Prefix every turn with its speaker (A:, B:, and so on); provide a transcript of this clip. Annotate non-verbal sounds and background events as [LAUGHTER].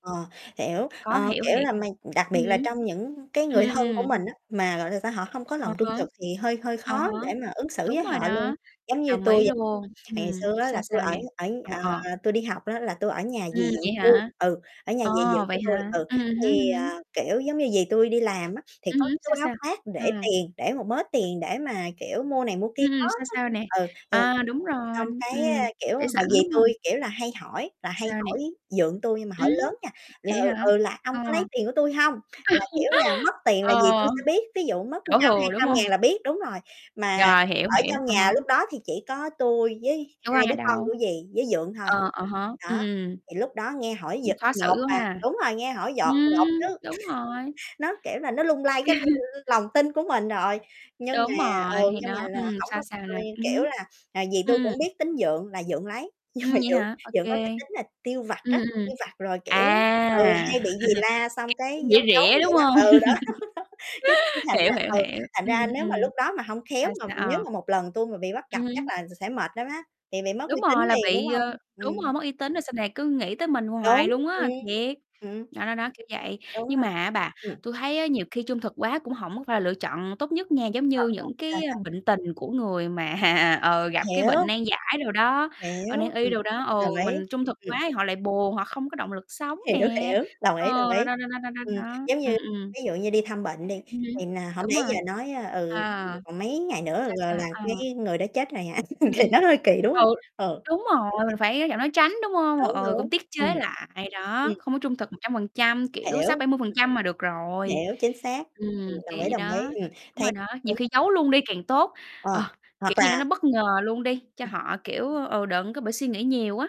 A: Ờ, hiểu,
B: Khó
A: ơ,
B: hiểu
A: kiểu
B: thiệt.
A: là, mày đặc
B: Ừm
A: biệt là
B: hứm.
A: trong những cái
B: Ừm,
A: người
B: ừm,
A: thân của
B: ừm.
A: mình á, mà, gọi là sao, họ không có
B: À
A: lòng trung
B: há.
A: thực thì hơi hơi
B: À
A: khó
B: há,
A: để mà ứng xử
B: đúng
A: với
B: rồi
A: họ luôn.
B: đó,
A: Giống như
B: đồng ý
A: tui vậy,
B: luôn,
A: ngày
B: ừm,
A: xưa á
B: sao,
A: là tui
B: sao
A: ở
B: nè? Ờ,
A: ở
B: ờ.
A: ờ, tui đi học á là tui ở nhà dì
B: Ừm,
A: dượng
B: vậy
A: tui,
B: hả?
A: ừ, ở nhà
B: Ồ,
A: dì dượng
B: vậy
A: của tui,
B: hả?
A: ừ,
B: Ừm, ừm hứm,
A: thì,
B: ừm hứm.
A: ờ, kiểu, giống như dì tui đi làm á, thì
B: Ừm
A: có
B: hứm,
A: cái
B: sao,
A: túi áo
B: sao?
A: khoác để
B: Ừ.
A: tiền, để một mớ tiền để mà, kiểu, mua này mua kia
B: Ừm,
A: đó
B: ừm, sao,
A: đó.
B: sao nè?
A: Ừ, rồi
B: À, đúng rồi,
A: xong cái,
B: ừm,
A: a, kiểu,
B: để
A: mà
B: sẵn,
A: dì
B: đúng hông?
A: tui, kiểu là, hay hỏi là hay
B: Sao nè?
A: hỏi dượng tui nhưng mà
B: Ừm,
A: hỏi lớn nha, là,
B: vậy
A: ừ,
B: hả?
A: ừ, là "Ông
B: Ờ,
A: có lấy tiền của tui hông?" Là, kiểu là, mất
B: [LAUGHS]
A: tiền là dì tui
B: ờ,
A: sẽ biết, ví dụ mất
B: đổ
A: trăm, hai
B: thừa, đúng
A: trăm
B: hông?
A: ngàn là biết, đúng rồi. Mà
B: Rồi, hiểu,
A: ở
B: hiểu,
A: trong
B: à
A: nhà
B: há.
A: lúc đó thì chỉ có tui với
B: Đâu có
A: 2
B: ai
A: đứa con
B: đâu.
A: của dì với dượng thôi.
B: Ờ, ờ há,
A: Đó,
B: ừm, ừm.
A: thì lúc đó nghe hỏi
B: Cũng
A: dự
B: khó
A: nhột,
B: xử quá
A: à,
B: ha.
A: đúng rồi, nghe hỏi
B: Ừm,
A: dọt nhột chứ. [CHUCKLES]
B: đúng rồi!
A: Nó, kiểu là, nó lung lay cái l
B: [CHUCKLES]
A: l lòng tin của mình rồi. Nhưng mà,
B: Đúng rồi,
A: ừ,
B: thì
A: nhưng mà
B: đó,
A: là
B: ừm,
A: hổng
B: sao,
A: có
B: sao nè?
A: [UNINTELLIGIBLE]
B: Ừm
A: kiểu
B: hứm.
A: là là dì tui cũng
B: Ừm.
A: biết tính dượng là dượng lấy. Nhưng mà
B: Ừm, vậy
A: dượng
B: hả? Ô
A: dượng có cái
B: kê.
A: tính là tiêu vặt
B: Ừm,
A: á,
B: ừm,
A: tiêu vặt rồi, kiểu, ừ,
B: à,
A: hay bị dì la xong
B: [CHUCKLES]
A: cái
B: [UNINTELLIGIBLE] rỉa
A: giấu giấu
B: rỉa, đúng
A: vậy
B: hông?
A: đó. Ừ, đó, đó [LAUGHS] chứ cứ cái
B: [LAUGHS]
A: thành
B: Hiểu,
A: ra,
B: hiểu,
A: ừ,
B: hiểu.
A: thành ra
B: Ừm,
A: nếu mà
B: ừm,
A: lúc đó mà hông khéo
B: sao,
A: mà
B: sao?
A: nếu
B: Ờ.
A: mà một lần tui mà bị bắt
B: Ừ
A: gặp chắc
B: hứm.
A: là s sẽ mệt lắm á, thì bị mất
B: Đúng
A: uy tín
B: rồi là
A: liền, đúng
B: bị
A: hông?
B: ờ, đúng
A: Ừm.
B: rồi, mất uy tín rồi sau này cứ nghĩ tới mình hoài
A: Đúng,
B: luôn
A: ừm,
B: á, thiệt.
A: ừm.
B: Đó, đó, đó, kiểu vậy,
A: Đúng
B: nhưng
A: rồi,
B: mà á bà,
A: ừm.
B: tôi thấy á nhiều khi trung thực quá cũng hổng có phải là lựa chọn tốt nhất nha, giống
A: Rồi,
B: như
A: rồi.
B: những
A: Sao,
B: cái
A: sao?
B: bệnh tình của người mà, ờ, gặp cái bệnh
A: Hiểu.
B: nan giải đồ đó, ờ,
A: Hiểu,
B: nan y
A: ừm,
B: đồ đó, ừ,
A: đồng ý,
B: mình trung thực
A: ừm.
B: quá thì họ lại buồn, họ không có động lực sống
A: Hiểu,
B: nè,
A: hiểu, đồng ý, đồng
B: ờ, đó,
A: ý.
B: đó, đó, đó, đó,
A: Ừm,
B: đó.
A: giống như
B: Ừm, ừm.
A: ví dụ như đi thăm bệnh đi,
B: Ừm hứm.
A: thì nà hổng
B: Đúng
A: lẽ
B: rồi,
A: giờ nói, ơ,
B: ờ,
A: ừ:" [UNINTELLIGIBLE] còn mấy ngày nữa
B: sao,
A: l
B: sao?
A: là
B: Ờ.
A: cái người đó chết rồi hả?"
B: Ừm,
A: [LAUGHS] thì
B: ừm.
A: nó hơi kỳ, đúng hông?
B: Ừ,
A: Ừ.
B: đúng rồi,
A: Kiểu,
B: mình
A: kiểu
B: phải nói giảm nói tránh, đúng hông?
A: Đúng,
B: Ừ,
A: đúng,
B: cũng tiết
A: ừm.
B: chế lại. Đó,
A: Ừm.
B: không có trung thực 100%, kiểu,
A: Hiểu,
B: sáu,
A: ừm.
B: bảy mươi phần trăm là được rồi.
A: Hiểu, chính xác,
B: Ừm,
A: ừm,
B: kiểu
A: đồng ý,
B: vậy
A: đồng
B: đó,
A: ý, ừm,
B: đúng
A: thấy
B: rồi đó, nhiều
A: đúng
B: khi
A: rồi.
B: giấu luôn đi càng tốt.
A: Ờ,
B: Ờ, kiểu
A: hoặc
B: gì đó
A: là
B: nó bất ngờ luôn đi, cho
A: Ừm.
B: họ, kiểu, ừ, đừng có bị suy nghĩ nhiều á.